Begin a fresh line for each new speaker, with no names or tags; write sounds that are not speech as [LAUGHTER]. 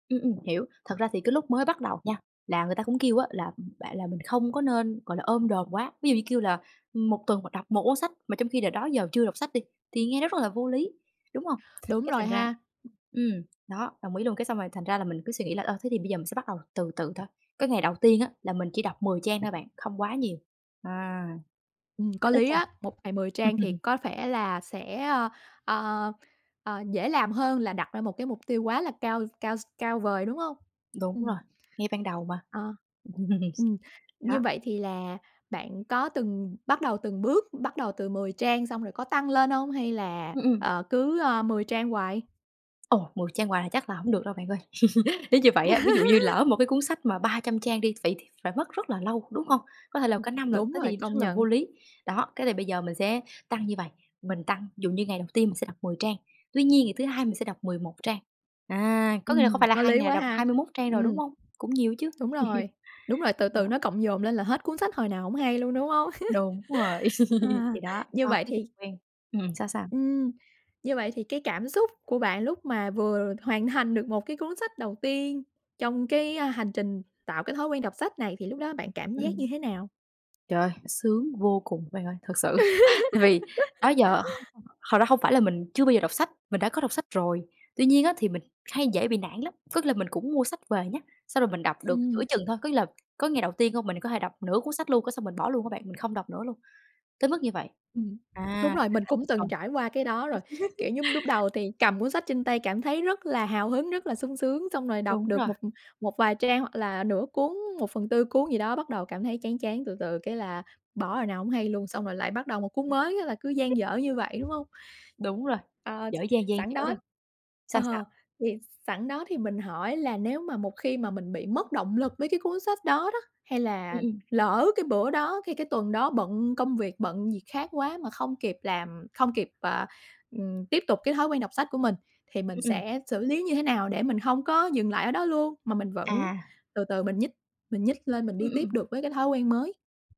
Ừm, ừm, hiểu, thật ra thì cái lúc mới bắt đầu nha là người ta cũng kêu á, là, ừm, bạn là mình không có nên, gọi là, ôm đồm quá, ví dụ như, kêu là, ừm, một tuần bạn đọc 1 cuốn sách mà trong khi đ đó giờ chưa đọc sách đi thì nghe nó rất là vô lý, đúng hông?
Đúng
Cái
rồi
thành ra
ha. [UNINTELLIGIBLE]
ừm, nó, đồng ý luôn cái xong rồi thành ra là mình cứ suy nghĩ là, ờ, thế thì bây giờ mình sẽ bắt đầu từ từ thôi. Cái ngày đầu tiên á, là mình chỉ đọc 10 trang thôi bạn, không quá nhiều, à,
Ừm có
it, ít
lý
thôi.
á, một ngày 10 trang thì
[CHUCKLES]
có vẻ là sẽ, ờ, ờ, ờ, dễ làm hơn là đặt ra một cái mục tiêu quá là cao cao cao vời, đúng hông?
Đúng
Ừm,
rồi, nghe ban đầu mà.
ờ, ừm, như
Đó.
vậy thì là bạn có từng bắt đầu từng bước, bắt đầu từ 10 trang xong rồi có tăng lên hông hay là,
Ừm, ừm.
ờ, cứ, ơ, 10 trang hoài?
Ồ! 10 trang hoài là chắc là hổng được đâu bạn ơi. [CHUCKLES] Nếu như vậy á, ví dụ như
[LAUGHS]
lỡ một cái cuốn sách mà 300 trang đi, vậy thì phải mất rất là lâu, đúng không? Có thể là
Ừm.
cả năm lận
Đúng
thế
rồi,
thì
công
rất là vô
nhận.
lý. Đó, cái thì bây giờ mình sẽ tăng như vầy, mình tăng dụ như ngày đầu tiên mình sẽ đọc 10 trang, tuy nhiên ngày thứ hai mình
[UNINTELLIGIBLE]
sẽ đọc 11 trang, à, có nghĩa là không
Ừm,
phải là
có
2
lý
ngày
quá
đọc
ha,
21 trang rồi,
ừm.
đúng không? Cũng nhiều chứ.
Đúng rồi,
[CHUCKLES]
đúng rồi, từ
Do
từ nó cộng dồn lên là hết cuốn sách hồi nào hổng hay luôn, đúng hông?
Đúng rồi,
[CHUCKLES]
[CHUCKLES]
Ha,
thì đó,
như
cho
vậy
cái kịch
thì
quen ừm, sao, sao?
Ừm. Như vậy thì cái cảm xúc của bạn lúc mà vừa hoàn thành được một cái cuốn sách đầu tiên trong, cái, ơ, hành trình tạo cái thói quen đọc sách này thì lúc đó bạn cảm giác như
Ừm.
thế nào?
Trời ơi, sướng vô cùng bạn ơi, thật sự [CHUCKLES] tại vì đó
[LAUGHS]
giờ hông hông thật ra hông phải là mình chưa bao giờ đọc sách, mình đã có đọc sách rồi tuy nhiên á, thì mình hay dễ bị nản lắm, có nghĩa là mình cũng mua sách về nhá, xong rồi mình đọc được giữa
Ừm.
chừng thôi, có nghĩa là có ngày đầu tiên hông mình có thể đọc nửa cuốn sách luôn cái xong mình bỏ luôn á bạn, mình không đọc nữa luôn, tới mức như vậy.
Ừm, đúng
À,
rồi,
thì
mình
đã
cũng từng
[UNINTELLIGIBLE]
trải qua cái đó rồi, kiểu
[CHUCKLES]
giống, lúc đầu thì cầm cuốn sách trên tay cảm thấy rất là hào hứng, rất là sung sướng, xong rồi đọc
Đúng
được
rồi.
một một vài trang hoặc là nửa cuốn, 1/4 cuốn gì đó bắt đầu cảm thấy chán chán, từ từ cái là bỏ hồi nào hổng hay luôn, xong rồi lại bắt đầu một cuốn
Ừm.
mới á, là cứ
[UNINTELLIGIBLE]
dang dở như vậy, đúng hông?
Đúng rồi,
Ờ, ch
dở dang, dang
sẵn
dở
đó
thôi. Sao, sao?
ờ, thì sẵn đó thì mình hỏi là nếu mà một khi mà mình bị mất động lực với cái cuốn sách đó đó, hay
Ừm,
là
ừm.
lỡ cái bữa đó hay cái tuần đó bận công việc bận gì khác quá mà không kịp làm không kịp, à, ừm, tiếp tục cái thói quen đọc sách của mình thì mình
Ừm, ừm.
sẽ xử lý như thế nào để mình hông có dừng lại ở đó luôn mà mình vẫn
À.
từ từ mình nhích mình nhích lên
Ừm,
mình đi
ưm,
tiếp
ừm.
được với cái thói quen mới?